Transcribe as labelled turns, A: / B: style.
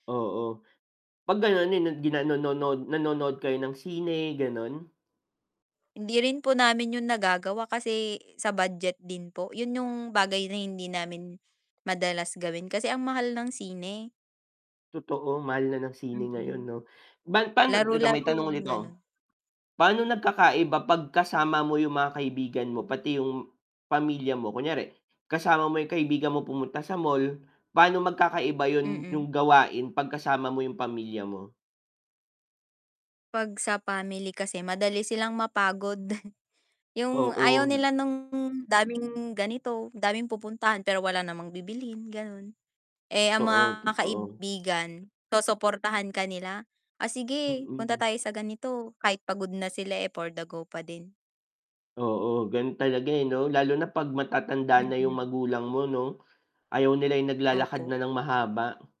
A: Oo, pag ganun yun, gi na- [unintelligible] no nod nood nanonood kayo ng sine, ganun?
B: Hindi rin po namin yung nagagawa kasi sa budget din po yun yung bagay na hindi namin madalas gawin kasi ang mahal ng sine.
A: Totoo mahal na ng sine
B: Mm,
A: ngayon no, ba pano dito may
B: laro-laro
A: tanong
B: lang,
A: ulit ako,
B: ganun.
A: pano nagkakaiba pag kasama mo yung mga kaibigan mo pati yung pamilya mo? Kunyari kasama mo yung kaibigan mo pumunta sa mall, pano magkakaiba yun
B: Mm.
A: yung gawain pag kasama mo yung pamilya mo?
B: Pag sa family kasi, madali silang mapagod, yung
A: Oo.
B: ayaw nila nung daming ganito daming pupuntahan, pero wala namang bibilhin, ganun, eh, ang mga
A: Oo, totoo.
B: kaibigan susuportahan ka nila, ah, sige punta
A: Mm.
B: tayo sa ganito kahit pagod na sila, eh, for the go pa din.
A: Oo ganun talaga, eh, 'no, lalo na pag matatanda na yung
B: Mm.
A: magulang mo 'no, ayaw nila'y naglalakad
B: Opo.
A: na ng mahaba.